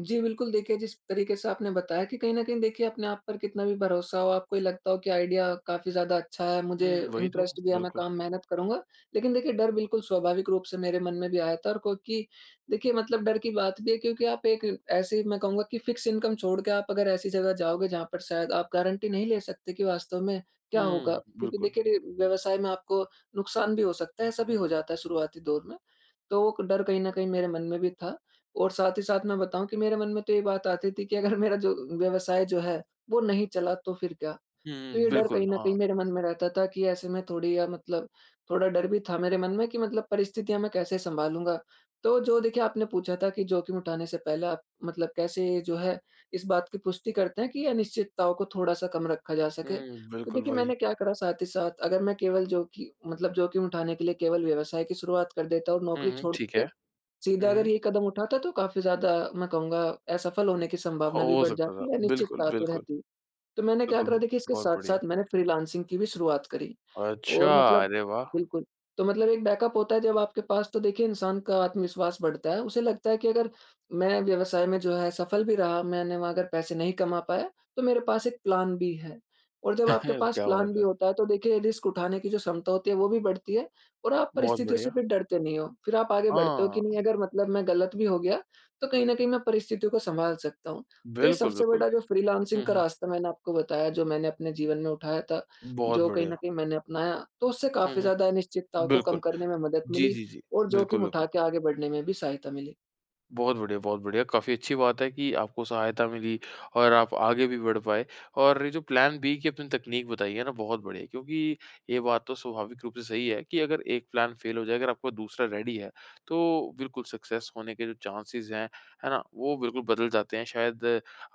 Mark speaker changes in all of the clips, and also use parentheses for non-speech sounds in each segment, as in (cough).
Speaker 1: जी, बिल्कुल देखिए जिस तरीक़े से आपने बताया कि कहीं न कहीं देखिए अपने आप पर कितना भी भरोसा हो, आपको ये लगता हो कि आइडिया काफ़ी ज़्यादा अच्छा है, मुझे
Speaker 2: हुँ, वही तो,
Speaker 1: इंटरेस्ट भी है मैं
Speaker 2: बिल्कुल।
Speaker 1: काम मेहनत करूँगा। लेकिन देखिए, डर बिल्कुल स्वाभाविक रूप से मेरे मन में भी आया था और क्योंकि देखिए, मतलब डर की बात भी है क्योंकि आप एक ऐसी मैं कहूँगा कि फिक्स इनकम छोड़ के आप अगर ऐसी जगह जाओगे जहाँ पर शायद आप गारंटी नहीं ले सकते कि वास्तव में क्या होगा?
Speaker 2: हुँ,
Speaker 1: क्योंकि
Speaker 2: बिल्कुल।
Speaker 1: देखिए, रि व्यवसाय में आपको नुकसान भी हो सकता है, ऐसा भी हो जाता है शुरुआती दौर में, तो क डर कहीं न कहीं मेरे मन में भी था। और साथ ही साथ मैं बताऊँ कि मेरे मन में तो ये बात आती थी कि अगर मेरा जो व्यवसाय जो है, वो नहीं चला तो फिर क्या?
Speaker 2: हुँ,
Speaker 1: तो ये डर
Speaker 2: बिल्कुल,
Speaker 1: कहीं न कहीं
Speaker 2: हाँ।
Speaker 1: मेरे मन में रहता था कि ऐसे में थोड़ी या मतलब थोड़ा डर भी था मेरे मन में कि मतलब परिस्थितियाँ मैं कैसे संभालूँगा। तो, जो देखिए आपने पूछा था कि जोखिम उठाने से पहले आप मतलब कैसे जो है, इस बात की पुष्टि करते हैं कि ये अनिश्चितताओं को थोड़ा-सा कम रखा जा सके।
Speaker 2: हुँ,
Speaker 1: तो
Speaker 2: बिल्कुल
Speaker 1: देखिए,
Speaker 2: वही।
Speaker 1: मैंने क्या करा साथ ही साथ अगर मैं केवल जोखि मतलब जोखिम उठाने के लिए केवल व्यवसाय की शुरुआत कर देता हूँ
Speaker 2: हुँ,
Speaker 1: नौकरी
Speaker 2: हुँ,
Speaker 1: छोड़
Speaker 2: ठीक है।
Speaker 1: के, सीधा अगर
Speaker 2: हुँ।
Speaker 1: ये कदम उठाता तो काफ़ी ज़्यादा मैं कहूँगा असफल होने की संभावना भी
Speaker 2: हो
Speaker 1: बढ़
Speaker 2: सकता था,
Speaker 1: जाती है,
Speaker 2: बिल्कुल,
Speaker 1: अनिश्चितता तो
Speaker 2: बिल्कुल।
Speaker 1: रहती। तो मैंने क्या
Speaker 2: बिल्कुल,
Speaker 1: करा
Speaker 2: ब
Speaker 1: देखिए इसके
Speaker 2: बहुत बढ़िया।
Speaker 1: साथ-साथ मैंने फ्रीलांसिंग की भी शुरुआत करी,
Speaker 2: अच्छा,
Speaker 1: और मतलब
Speaker 2: अरे वाह!
Speaker 1: बिल्कुल तो मतलब एक बैकअप होता है जब आपके पास तो देखिए इंसान का आत्मविश्वास बढ़ता है उसे लगता है कि अगर मैं व्यवसाय में जो है सफल भी रहा, मैंने वहाँ अगर पैसे नहीं कमा पाया, तो मेरे पास एक प्लान बी है। और जब आपके
Speaker 2: (chuckles)
Speaker 1: पास
Speaker 2: क्या
Speaker 1: प्लान
Speaker 2: बात
Speaker 1: बी
Speaker 2: है।
Speaker 1: होता है, तो देखिए ये रिस्क उठाने की जो क्षमता होती है, वो भी बढ़ती है। और आप
Speaker 2: बहुत
Speaker 1: परिस्थितियों से
Speaker 2: बढ़िया।
Speaker 1: भी डरते नहीं हो, फिर आप आगे बढ़ते हो कि
Speaker 2: हाँ।
Speaker 1: नहीं, अगर मतलब मैं ग़लत भी हो गया तो कहीं न कहीं मैं परिस्थितियों को सँभाल सकता हूँ। तो ये
Speaker 2: बिल्कुल,
Speaker 1: सबसे
Speaker 2: बिल्कुल।
Speaker 1: बड़ा जो फ्रीलांसिंग
Speaker 2: हुँ,
Speaker 1: का
Speaker 2: हुँ।
Speaker 1: रास्ता मैंने आपको बताया जो मैंने अपने जीवन में उठाया था,
Speaker 2: बहुत
Speaker 1: जो कहीं
Speaker 2: बढ़िया।
Speaker 1: न कहीं मैंने अपनाया, तो उससे
Speaker 2: हुँ,
Speaker 1: काफ़ी
Speaker 2: हुँ।
Speaker 1: ज़्यादा अनिश्चितताओं को कम
Speaker 2: बिल्कुल,
Speaker 1: करने में मदद
Speaker 2: जी,
Speaker 1: मिली
Speaker 2: जी, जी।
Speaker 1: और
Speaker 2: बिल्कुल,
Speaker 1: जोखिम उठा
Speaker 2: बिल्कुल।
Speaker 1: के आगे बढ़ने में भी सहायता मिली।
Speaker 2: बहुत बढ़िया, बहुत बढ़िया। काफ़ी अच्छी बात है कि आपको सहायता मिली और आप आगे भी बढ़ पाए। और ये जो प्लान बी की अपनी तकनीक बताई है ना बहुत बढ़िया है। क्योंकि ये बात तो स्वाभाविक रूप से सही है कि अगर एक प्लान फ़ेल हो जाए, अगर आपका दूसरा रेडी है, तो बिल्कुल सक्सेस होने के जो चांसेज़ हैं, है ना? वो बिल्कुल बदल जाते हैं। शायद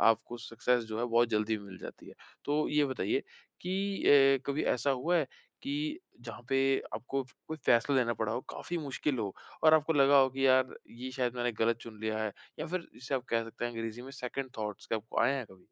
Speaker 2: आपको सक्सेस जो है बहुत जल्दी भी मिल जाती है। तो ये बताइए कि अ, कभी ऐसा हुआ है, कि जहाँ पे आपको कोई फ़ैसला लेना पड़ा हो, काफ़ी मुश्किल हो और आपको लगा हो कि यार ये शायद मैंने ग़लत चुन लिया है या फिर जिसे आप कह सकते हैं अंग्रेजी में सेकंड थाट्स क्या आपको आए हैं कभी?